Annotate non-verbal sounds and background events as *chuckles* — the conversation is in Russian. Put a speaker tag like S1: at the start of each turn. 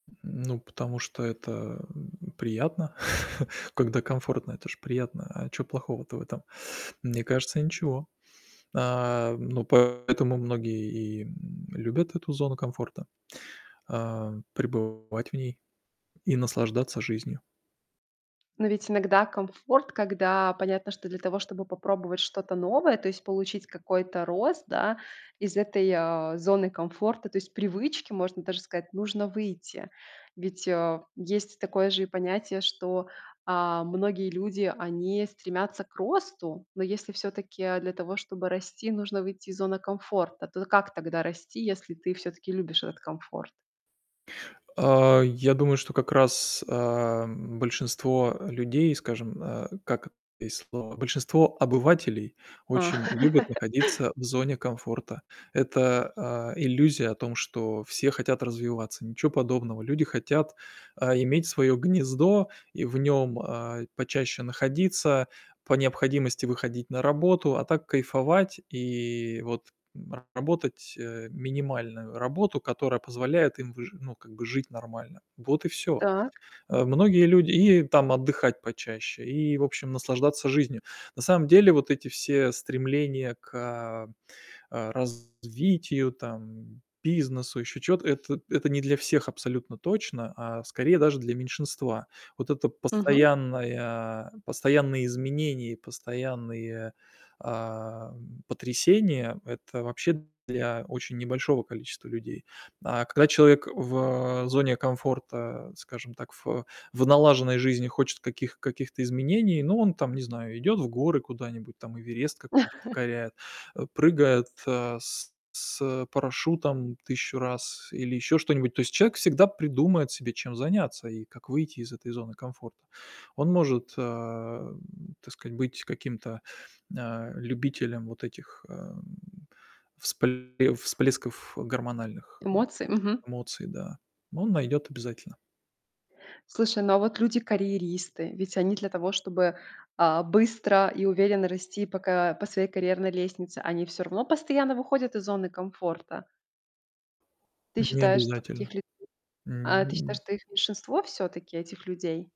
S1: М, ну, потому что это, м, приятно. *chuckles* Когда комфортно, это же приятно. А чё плохого-то в этом? Мне кажется, ничего. А, ну, поэтому многие и, м, любят эту зону комфорта, а, пребывать в ней и наслаждаться жизнью.
S2: Но ведь иногда комфорт, когда понятно, что для того, чтобы попробовать что-то новое, то есть получить какой-то рост, да, из этой, а, зоны комфорта, то есть привычки, можно даже сказать, нужно выйти. Ведь, э, есть такое же и понятие, что, а, многие люди, они стремятся к росту. Но если всё-таки для того, чтобы расти, нужно выйти из зоны комфорта, то как тогда расти, если ты всё-таки любишь этот комфорт?
S1: А, я думаю, что как раз, а, м, большинство людей, скажем, э, как есть слово, большинство обывателей
S2: А.
S1: очень любят
S2: *laughs*
S1: находиться в зоне комфорта. Это, э, иллюзия о том, что все хотят развиваться- ничего подобного. Люди хотят, а, иметь своё гнездо и в нём, а, почаще находиться. По необходимости выходить на работу. А так, кайфовать и вот, м, работать, э, минимальную работу, которая позволяет им выжи ну, как бы жить нормально. Вот и всё.
S2: Так.
S1: Э, многие люди и там отдыхать почаще, и, в общем, наслаждаться жизнью. На самом деле вот эти все стремления к, а а, развитию там, бизнесу, ещё чего-то- это это не для всех абсолютно точно, а скорее даже для меньшинства. Вот это
S2: Мгм.
S1: постоянное постоянные изменения и постоянные, а, м, потрясения- это вообще для очень небольшого количества людей. А когда человек в, а, зоне комфорта, скажем так, в в налаженной жизни хочет каких каких-то изменений, ну, он там, не знаю, идёт в горы куда-нибудь, там Эверест какой-нибудь
S2: *chuckles*
S1: покоряет, э, прыгает, а, с с, э, парашютом 1000 раз или ещё что-нибудь. То есть человек всегда придумает себе, чем заняться и как выйти из этой зоны комфорта. Он может, э, м, так сказать, быть каким-то, а, любителем вот этих, э, м, вспле всплесков, э, гормональных, э
S2: Эмоции?
S1: э,
S2: Мгм.
S1: эмоций, да, он найдёт обязательно.
S2: Слушай, ну а вот люди-карьеристы? Ведь они для того, чтобы, а, быстро и уверенно расти по ка по своей карьерной лестнице, они всё равно постоянно выходят из зоны комфорта. Ты
S1: Н не
S2: считаешь, что
S1: обязательно.
S2: таких людей а, ты считаешь,
S1: М.
S2: что их меньшинство всё-таки, этих людей?